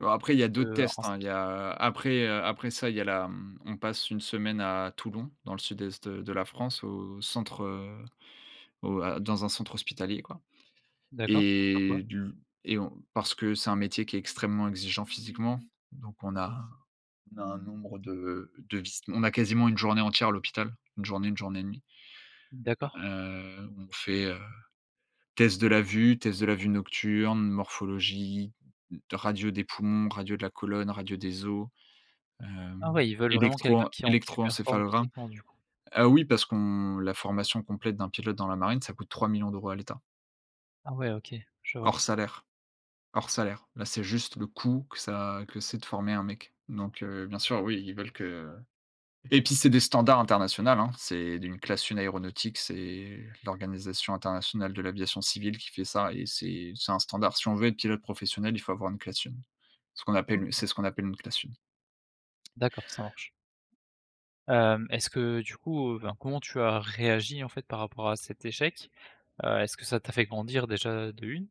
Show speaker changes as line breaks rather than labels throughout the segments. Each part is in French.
Bon, après, il y a d'autres
Heu
tests hein. Il y
[unintelligible]
a après, heu, après ça, il y a la mmh, on passe une semaine à Toulon, dans le sud-est de la France, au centre, heu, au à dans un centre hospitalier quoi.
D'accord, pour faire
Et
quoi?
du et on parce que c'est un métier qui est extrêmement exigeant physiquement. Donc on a on a un nombre de de vis on a quasiment une journée entière à l'hôpital, une journée, une journée et demie.
D'accord.
Heu, on fait, heu, test de la vue, test de la vue nocturne, morphologie, d radio des poumons, radio de la colonne, radio des os,
Ah
hem,
ouais, ils veulent vraiment quelqu'un
électroen
qui est en superforme
électroencéphalogramme.
physiquement du coup.
Heu oui, parce qu'on la formation complète d'un pilote dans la marine, ça coûte 3 000 000 € à l'État.
Ah ouais OK. Je vois.
Hors salaire. Hors salaire. Là, c'est juste le coût que ça que c'est de former un mec donc heu, bien sûr, oui, ils veulent que et puis c'est des standards international, hein. C'est d une classe 1 aéronautique, c'est l'organisation internationale de l'aviation civile qui fait ça et c'est c'est un standard. Si on veut être pilote professionnel, il faut avoir une classe 1. Ce qu'on appelle
OK.
c'est ce qu'on appelle une classe 1.
D'accord ça marche. Hem, est-ce que, heu, du coup heu enfin, comment tu as réagi en fait par rapport à cet échec? Heu, est-ce que ça t'a fait grandir déjà de 1?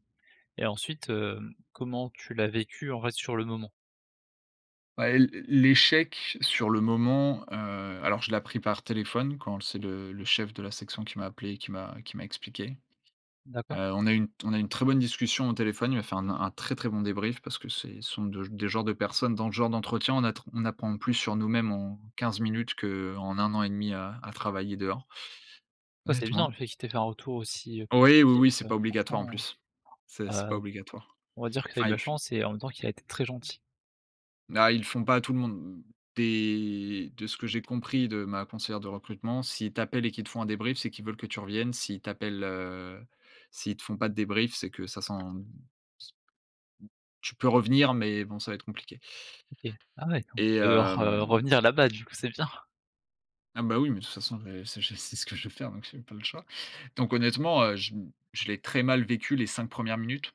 Et ensuite heu, comment tu l'as vécu en fait sur le moment?
Ouais, l l l'échec sur le moment, heu, alors je l'ai appris par téléphone quand c'est le le chef de la section qui m'a appelé et qui m'a qui m'a expliqué. Heu,
D'accord.
on a eu une t on a une très bonne discussion au téléphone, il m'a fait un n un très, très bon débrief parce que c'est ce sont de des genres de personnes dans le genre d'entretien, on a tr on apprend plus sur nous-mêmes en 15 minutes qu'en 1 an et 1/2 à à travailler dehors
Ouais, c'est bien
honnêtement.
le fait qu'il t'ait fait un retour, aussi heu,
Oui, oui,
positif,
oui, c'est
heu,
pas obligatoire en
franchement
plus. C'est
heu,
c'est pas
heu,
obligatoire.
on va dire que c'est
Enfin,
de
ils
la
le fi
chance et en même temps qu'il a été très gentil.
Ah, ils le font pas à tout le monde. Des de ce que j'ai compris de ma conseillère de recrutement, s'ils t'appellent et qu'ils te font un débrief, c'est qu'ils veulent que tu reviennes. S'ils t'appellent, heu, s'ils te font pas de débrief, c'est que ça sent s tu peux revenir mais bon, ça va être compliqué.
OK. Ah ouais, quand même.
Et
Tu vas devoir, heu,
hem
revenir là-bas du coup c'est bien.
Ah ben, oui mais de toute façon, j'ai ça j'ai c'est ce que je veux faire donc j'ai pas le choix. Donc honnêtement, heu, je m je l'ai très mal vécu les 5 1ers minutes.